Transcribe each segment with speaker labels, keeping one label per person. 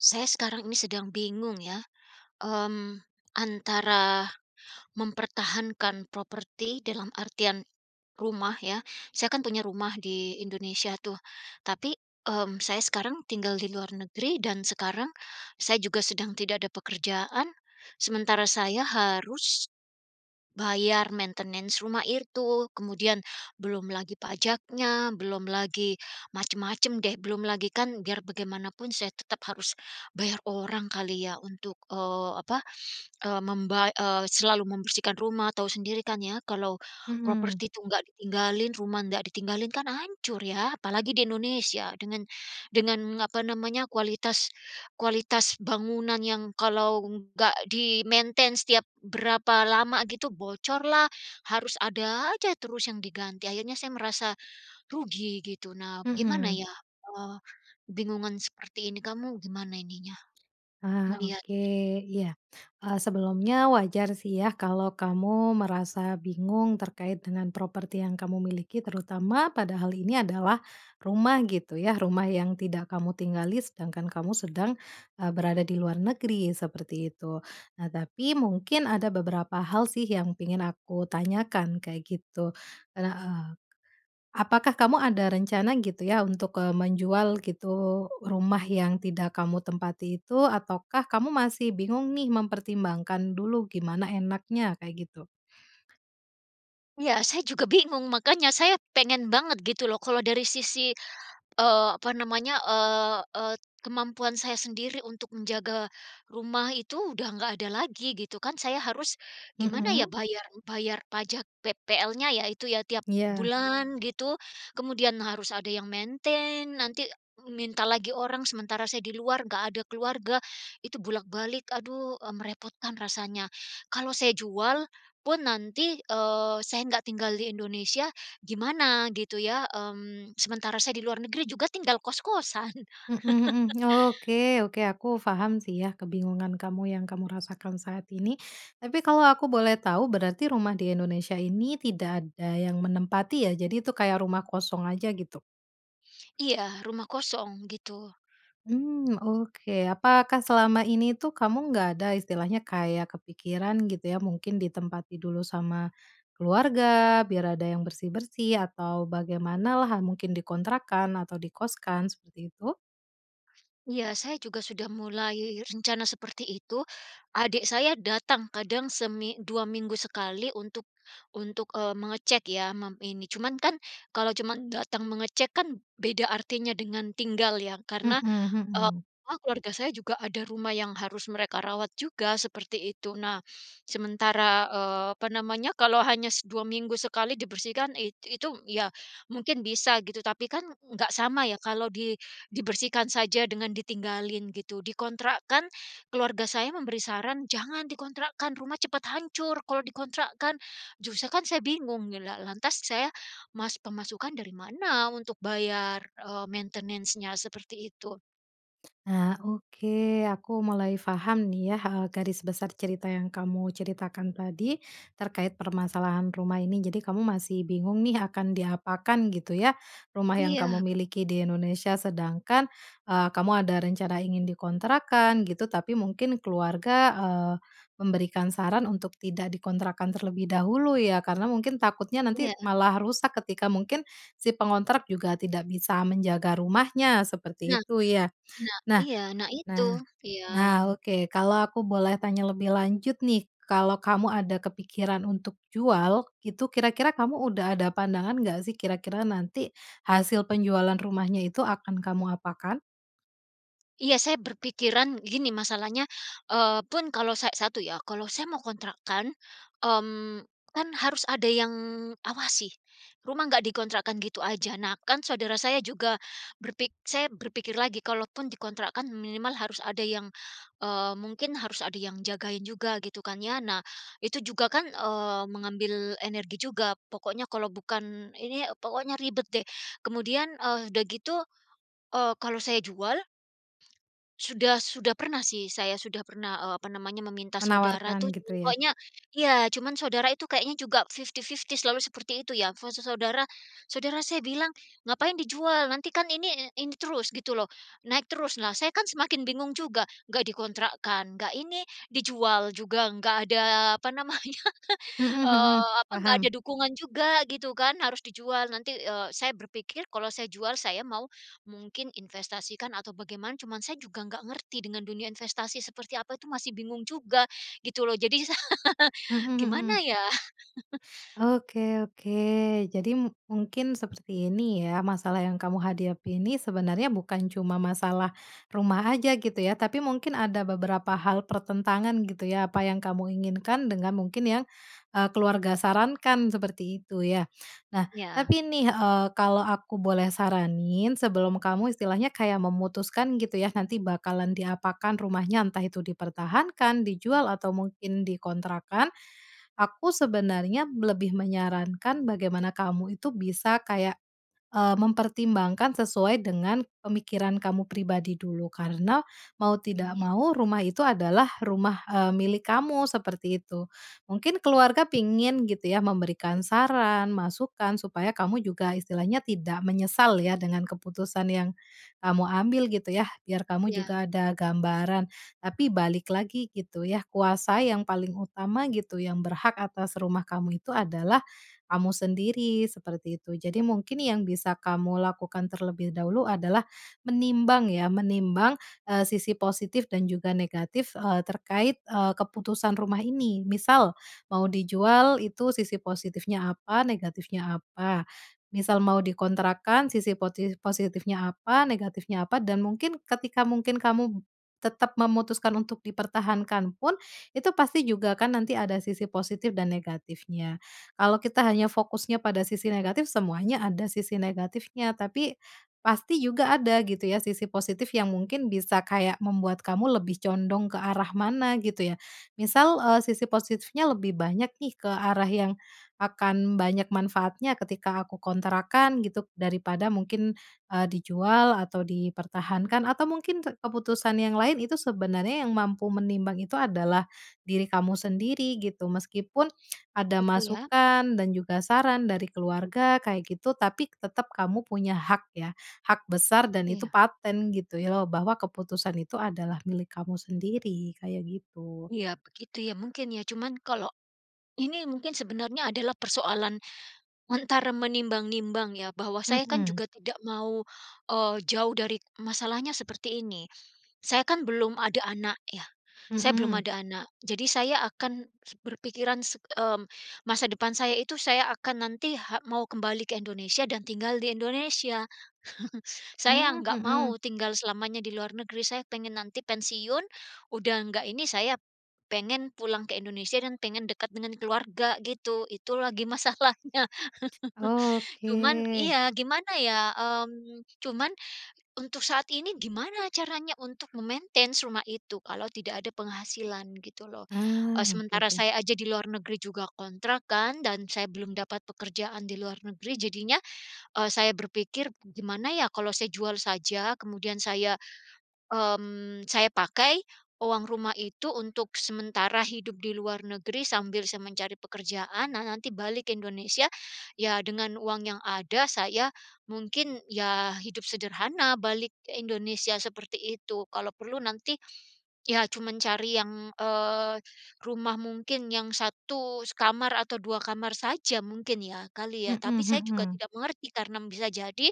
Speaker 1: Saya sekarang ini sedang bingung ya, mmm, antara, mempertahankan properti dalam artian, rumah ya, saya kan punya rumah di Indonesia tuh, tapi, mmm, saya sekarang tinggal di luar negeri, dan sekarang saya juga sedang tidak ada pekerjaan. Sementara saya harus bayar maintenance rumah itu. Kemudian, belum lagi pajaknya, belum lagi, macam-macam deh. Belum lagi kan, biar bagaimanapun saya tetap harus, bayar orang kali ya untuk, eee, apa, e membay eee, selalu membersihkan rumah, tahu sendiri kan ya kalau,
Speaker 2: Mhm.
Speaker 1: properti itu enggak ditinggalin, rumah enggak ditinggalin, kan hancur ya, apalagi di Indonesia. Dengan dengan apa namanya, kualitas kualitas bangunan yang kalau enggak di maintenance setiap berapa lama gitu, bocor lah, harus ada aja terus yang diganti, akhirnya saya ngerasa, rugi gitu. Nah, gimana
Speaker 2: Mhm.
Speaker 1: ya, eee, kebingungan seperti ini kamu gimana ininya,
Speaker 2: Ah, oke.
Speaker 1: ngelihatnya?
Speaker 2: Iya. E sebelumnya wajar sih ya kalau kamu merasa bingung terkait dengan properti yang kamu miliki terutama padahal ini adalah rumah, gitu ya. Rumah yang tidak kamu tinggali, sedangkan kamu sedang, e berada di luar negeri, seperti itu. Nah, tapi mungkin ada beberapa hal sih yang pingin aku tanyakan, kayak gitu. Ada, eee, apakah kamu ada rencana gitu ya untuk, e menjual gitu, rumah yang tidak kamu tempati itu, ataukah masih bingung nih mempertimbangkan dulu gimana enaknya, kayak gitu?
Speaker 1: Iya, saya juga bingung makanya saya pengen banget gitu loh kalau dari sisi, eee, apa namanya, eee, eee, t kemampuan saya sendiri untuk menjaga rumah itu udah nggak ada lagi, gitu kan. Saya harus gimana ya
Speaker 2: Mhm.
Speaker 1: bayar bayar pajak PPL-nya ya itu ya, tiap
Speaker 2: Iya.
Speaker 1: bulan gitu, kemudian harus ada yang maintenance, nanti minta lagi orang, sementara saya di luar enggak ada keluarga, itu bolak-balik. Aduh, e merepotkan rasanya. Kalau saya jual, pun nanti, eee, saya enggak tinggal di Indonesia, gimana gitu ya, mmm, sementara saya di luar negeri juga tinggal kos-kosan.
Speaker 2: Mhm mhm. Oke oke, aku paham sih ya kebingungan kamu yang kamu rasakan saat ini. Tapi kalau aku boleh tahu berarti rumah di Indonesia ini tidak ada yang menempati ya? Jadi itu kayak rumah kosong aja gitu?
Speaker 1: Iya, rumah kosong, gitu.
Speaker 2: Mmm, oke. Apakah selama ini tuh kamu nggak ada istilahnya kayak kepikiran gitu ya, mungkin ditempati dulu sama, keluarga, biar ada yang bersih-bersih, atau, bagaimana lah mungkin dikontrakkan atau dikoskan, seperti itu?
Speaker 1: Iya saya juga sudah mulai rencana seperti itu. Adik saya datang kadang semi dua minggu sekali untuk untuk, eee, mengecek ya, mem ini. Cuman kan, kalau cuma datang mengecek kan, beda artinya dengan tinggal ya?
Speaker 2: Hmm
Speaker 1: Karena, e
Speaker 2: hmm.
Speaker 1: apa, keluarga saya juga ada rumah yang harus mereka rawat juga seperti itu. Nah, sementara, eee, apa namanya, kalau hanya dua minggu sekali dibersihkan, it itu ya mungkin bisa gitu, tapi kan, nggak sama ya kalau di dibersihkan saja dengan ditinggalin gitu. Dikontrakkan, keluarga saya memberi saran jangan dikontrakkan, rumah cepat hancur kalau dikontrakkan. Justru kan saya bingung, la lantas saya mas pemasukan dari mana untuk bayar, e maintenance-nya? Seperti itu.
Speaker 2: Ah, oke aku mulai paham nih ya, e garis besar cerita yang kamu ceritakan tadi, terkait permasalahan rumah ini. Jadi kamu masih bingung nih akan diapakan gitu ya, rumah yang
Speaker 1: Iya.
Speaker 2: kamu miliki di Indonesia, sedangkan, eee, kamu ada rencana ingin dikontrakkan, gitu, tapi mungkin keluarga, eee, memberikan saran untuk tidak dikontrakkan terlebih dahulu ya? Karena mungkin takutnya nanti
Speaker 1: Iya.
Speaker 2: malah rusak ketika mungkin, si pengontrak juga tidak bisa menjaga rumahnya, seperti
Speaker 1: Nah,
Speaker 2: itu ya?
Speaker 1: nah.
Speaker 2: Nah
Speaker 1: Iya, nah itu.
Speaker 2: nah.
Speaker 1: Iya.
Speaker 2: Nah oke. Kalau aku boleh tanya lebih lanjut nih, kalau kamu ada kepikiran untuk jual, itu kira-kira kamu udah ada pandangan enggak sih kira-kira nanti, hasil penjualan rumahnya itu akan kamu apakan?
Speaker 1: Iya saya berpikiran gini masalahnya, eee, pun kalau sa 1 ya, kalau saya mau kontrakan, mmm, kan harus ada yang awasi, rumah enggak dikontrakkan gitu aja. Nah kan saudara saya juga berpik saya berpikir lagi, kalau pun dikontrakkan minimal harus ada yang, eee, mungkin harus ada yang jagain juga gitu kan ya? Nah, itu juga kan, eee, mengambil energi juga pokoknya kalau bukan ini, pokoknya ribet deh. Kemudian, e udah gitu, eee, kalau saya jual sudah sudah pernah sih saya sudah pernah, eee, apa namanya, meminta saudara itu
Speaker 2: Menawarkan
Speaker 1: cuman
Speaker 2: gitu ya?
Speaker 1: pokoknya, iya, cuman saudara itu kayaknya juga fifty-fifty selalu seperti itu ya. Fase saudara saudara saya bilang, ngapain dijual? Nantikan ini, ini terus gitu loh, naik terus. Nah saya kan semakin bingung juga, nggak dikontrakkan, nggak ini, dijual juga nggak ada, apa namanya,
Speaker 2: Hmm hmm.
Speaker 1: eee, apa, nggak ada
Speaker 2: Paham.
Speaker 1: dukungan juga gitu kan. Harus dijual nanti, eee, saya berpikir, kalau saya jual saya mau, mungkin investasikan atau bagaimana, cuman saya juga enggak ngerti dengan dunia investasi seperti apa itu masih bingung juga, gitu loh, jadi sa
Speaker 2: Hmm,
Speaker 1: gimana
Speaker 2: mhm.
Speaker 1: ya?
Speaker 2: Oke oke. Jadi mungkin seperti ini ya masalah yang kamu hadapi ini sebenarnya bukan cuma masalah rumah aja gitu ya, tapi mungkin ada beberapa hal pertentangan gitu ya, apa yang kamu inginkan dengan mungkin yang, eee, keluarga sarankan, seperti itu ya? Nah,
Speaker 1: Iya.
Speaker 2: tapi nih, eee, kalau aku boleh saranin, sebelum kamu istilahnya kayak memutuskan gitu ya nanti bakalan diapakan rumahnya, entah itu dipertahankan, dijual, atau mungkin dikontrakkan, aku sebenarnya lebih menyarankan bagaimana kamu itu bisa kayak, eee, mempertimbangkan sesuai dengan pemikiran kamu pribadi dulu. Karena, mau
Speaker 1: Mmm,
Speaker 2: tidak
Speaker 1: ya.
Speaker 2: mau rumah itu adalah rumah, eee, milik kamu, seperti itu. Mungkin keluarga pingin gitu ya, memberikan saran, masukan, supaya kamu juga istilahnya tidak menyesal ya dengan keputusan yang kamu ambil gitu ya, biar kamu
Speaker 1: Iya.
Speaker 2: juga ada gambaran. Tapi balik lagi gitu ya, kuasa yang paling utama gitu, yang berhak atas rumah kamu itu adalah kamu sendiri, seperti itu. Jadi mungkin yang bisa kamu lakukan terlebih dahulu adalah, menimbang ya, menimbang, eee, sisi positif dan juga negatif, eee, terkait, eee, keputusan rumah ini. Misal, mau dijual, itu sisi positifnya apa, negatifnya apa. Misal mau dikontrakkan sisi poti positifnya apa, negatifnya apa, dan mungkin ketika mungkin kamu tetap memutuskan untuk dipertahankan pun, itu pasti juga kan nanti ada sisi positif dan negatifnya. Kalau kita hanya fokusnya pada sisi negatif, semuanya ada sisi negatifnya. Tapi, pasti juga ada gitu ya sisi positif yang mungkin bisa kayak membuat kamu lebih condong ke arah mana, gitu ya. Misal, eee, sisi positifnya lebih banyak nih ke arah yang akan banyak manfaatnya ketika aku kontrakan gitu, daripada mungkin, eee, dijual atau dipertahankan atau mungkin keputusan yang lain itu sebenarnya yang mampu menimbang itu adalah diri kamu sendiri, gitu. Meskipun ada
Speaker 1: Itu ya?
Speaker 2: masukan dan juga saran dari keluarga kayak gitu, tapi tetap kamu punya hak ya, hak besar dan itu
Speaker 1: Iya.
Speaker 2: paten gitu ya, bahwa keputusan itu adalah milik kamu sendiri, kayak gitu.
Speaker 1: Iya begitu ya, mungkin ya? Cuman kalau, ini mungkin sebenarnya adalah persoalan, antara menimbang-nimbang ya, bahwa saya kan
Speaker 2: Hmm.
Speaker 1: juga tidak mau, eee, jauh dari masalahnya seperti ini, saya kan belum ada anak ya, saya belum
Speaker 2: Hmm.
Speaker 1: ada anak. Jadi saya akan se berpikiran se mmm, masa depan saya itu saya akan nanti ha mau kembali ke Indonesia dan tinggal di Indonesia. Saya
Speaker 2: Mmm,
Speaker 1: enggak mau
Speaker 2: mhm.
Speaker 1: tinggal selamanya di luar negeri. Saya pengen nanti pensiun, udah enggak ini, saya pengen pulang ke Indonesia, dan pengen dekat dengan keluarga, gitu. Itu lagi masalahnya. Cuman,
Speaker 2: Oke.
Speaker 1: iya, gimana ya, mmm, cuman, untuk saat ini gimana caranya untuk memaintain rumah itu, kalau tidak ada penghasilan, gitu loh. E
Speaker 2: Ah, oke
Speaker 1: sementara
Speaker 2: oke.
Speaker 1: saya aja di luar negeri juga kontrak kan, dan saya belum dapat pekerjaan di luar negeri, jadinya, e saya berpikir, gimana ya kalau saya jual saja kemudian saya mmm, saya pakai, uang rumah itu untuk sementara hidup di luar negeri sambil saya mencari pekerjaan, nah nanti balik Indonesia, ya dengan uang yang ada saya mungkin, ya, hidup sederhana balik ke Indonesia seperti itu. Kalau perlu nanti, ya cuman cari yang, eee, rumah mungkin yang 1 kamar atau 2 kamar saja mungkin ya, kali ya.
Speaker 2: Mhm
Speaker 1: Tapi saya juga
Speaker 2: mhm.
Speaker 1: tidak mengerti, karena bisa jadi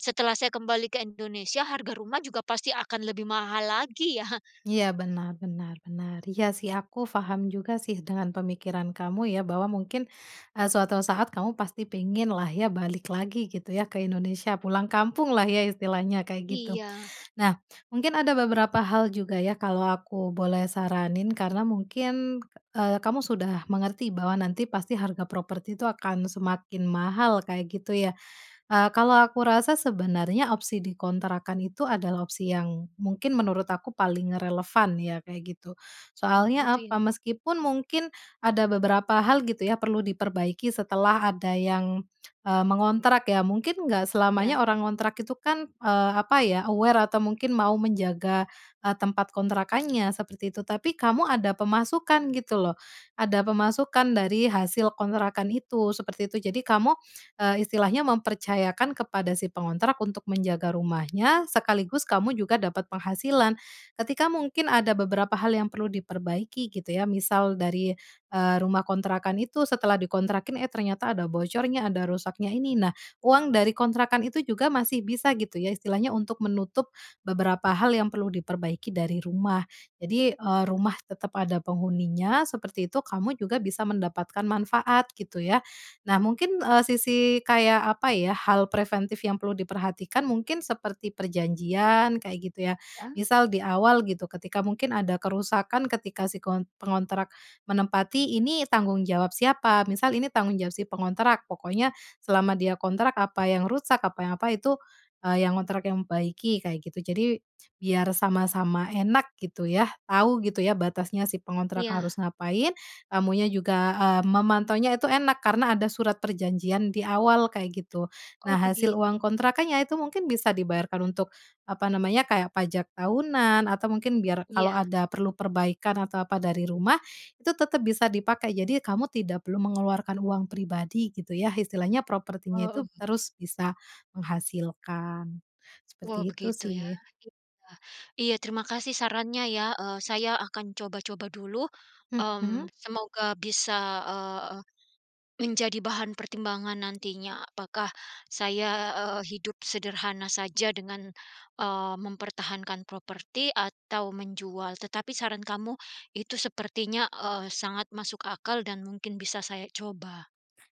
Speaker 1: setelah saya kembali ke Indonesia harga rumah juga pasti akan lebih mahal lagi ya?
Speaker 2: Iya, benar benar benar. Iya sih aku paham juga sih dengan pemikiran kamu ya, bahwa mungkin, e suatu saat kamu pasti pingin lah ya balik lagi gitu ya ke Indonesia, pulang kampung lah ya istilahnya, kayak gitu.
Speaker 1: Iya.
Speaker 2: Nah, mungkin ada beberapa hal juga ya, kalau aku boleh saranin karena mungkin, eee, kamu sudah mengerti bahwa nanti pasti harga properti itu akan semakin mahal, kayak gitu ya. Eee, kalau aku rasa sebenarnya opsi dikontrakkan itu adalah opsi yang mungkin menurut aku paling relevan ya, kayak gitu.
Speaker 1: Oh
Speaker 2: Soalnya
Speaker 1: gitu
Speaker 2: apa,
Speaker 1: ya?
Speaker 2: meskipun mungkin ada beberapa hal gitu ya, perlu diperbaiki setelah ada yang, e mengontrak ya. Mungkin enggak
Speaker 1: Ya.
Speaker 2: selamanya orang ngontrak itu kan, eee, apa ya, aware atau mungkin mau menjaga, e tempat kontrakannya seperti itu, tapi kamu ada pemasukan gitu loh. Ada pemasukan dari hasil kontrakan itu, seperti itu. Jadi kamu, eee, istilahnya mempercayakan kepada si pengontrak untuk menjaga rumahnya sekaligus kamu juga dapat penghasilan. Ketika mungkin ada beberapa hal yang perlu diperbaiki gitu ya, misal dari, eee, rumah kontrakan itu setelah dikontrakin, eh ternyata ada bocornya, ada rusaknya ini, nah uang dari kontrakan itu juga masih bisa gitu ya, istilahnya untuk menutup beberapa hal yang perlu diperbaiki dari rumah. Jadi, eee, rumah tetap ada penghuninya, seperti itu, kamu juga bisa mendapatkan manfaat gitu ya. Nah mungkin, eee, sisi kayak apa ya hal preventif yang perlu diperhatikan mungkin seperti perjanjian kayak gitu ya.
Speaker 1: Ya.
Speaker 2: Misal di awal gitu, ketika mungkin ada kerusakan ketika si kontr pengontrak menempati ini tanggung jawab siapa? Misal ini tanggung jawab si pengontrak. Pokoknya selama dia kontrak, apa yang rusak, apa yang apa itu, e yang ngontrak yang membaiki, kayak gitu. Jadi biar sama-sama enak gitu ya, tahu gitu ya batasnya si pengontrak
Speaker 1: Iya.
Speaker 2: harus ngapain, kamunya juga, eee, memantaunya itu enak, karena ada surat perjanjian di awal, kayak gitu.
Speaker 1: Oh
Speaker 2: Nah hasil
Speaker 1: begitu?
Speaker 2: uang kontrakannya itu mungkin bisa dibayarkan untuk, apa namanya, kayak pajak tahunan, atau mungkin biar kalau
Speaker 1: Iya.
Speaker 2: ada perlu perbaikan atau apa dari rumah, itu tetap bisa dipakai. Jadi kamu tidak perlu mengeluarkan uang pribadi gitu ya, istilahnya propertinya itu
Speaker 1: Heeh.
Speaker 2: terus bisa menghasilkan. Seperti
Speaker 1: Wow
Speaker 2: itu
Speaker 1: begitu ya?
Speaker 2: sih.
Speaker 1: Iya iya terima kasih sarannya ya, e saya akan coba-coba dulu,
Speaker 2: Mhm?
Speaker 1: mmm, semoga bisa, eee, menjadi bahan pertimbangan nantinya, apakah saya, eee, hidup sederhana saja dengan, eee, mempertahankan properti atau menjual. Tetapi saran kamu, itu sepertinya, eee, sangat masuk akal dan mungkin bisa saya coba.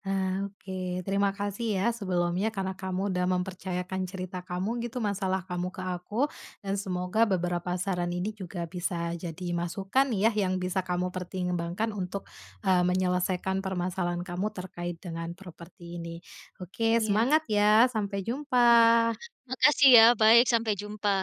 Speaker 2: Ah oke, terima kasih ya sebelumnya karena kamu udah mempercayakan cerita kamu gitu, masalah kamu ke aku, dan semoga beberapa saran ini juga bisa jadi masukan ya, yang bisa kamu pertimbangkan untuk, eee, menyelesaikan permasalahan kamu terkait dengan properti ini. Oke
Speaker 1: Iya.
Speaker 2: semangat ya? Sampai
Speaker 1: Iya, ma
Speaker 2: jumpa!
Speaker 1: makasih ya. Baik, sampai jumpa.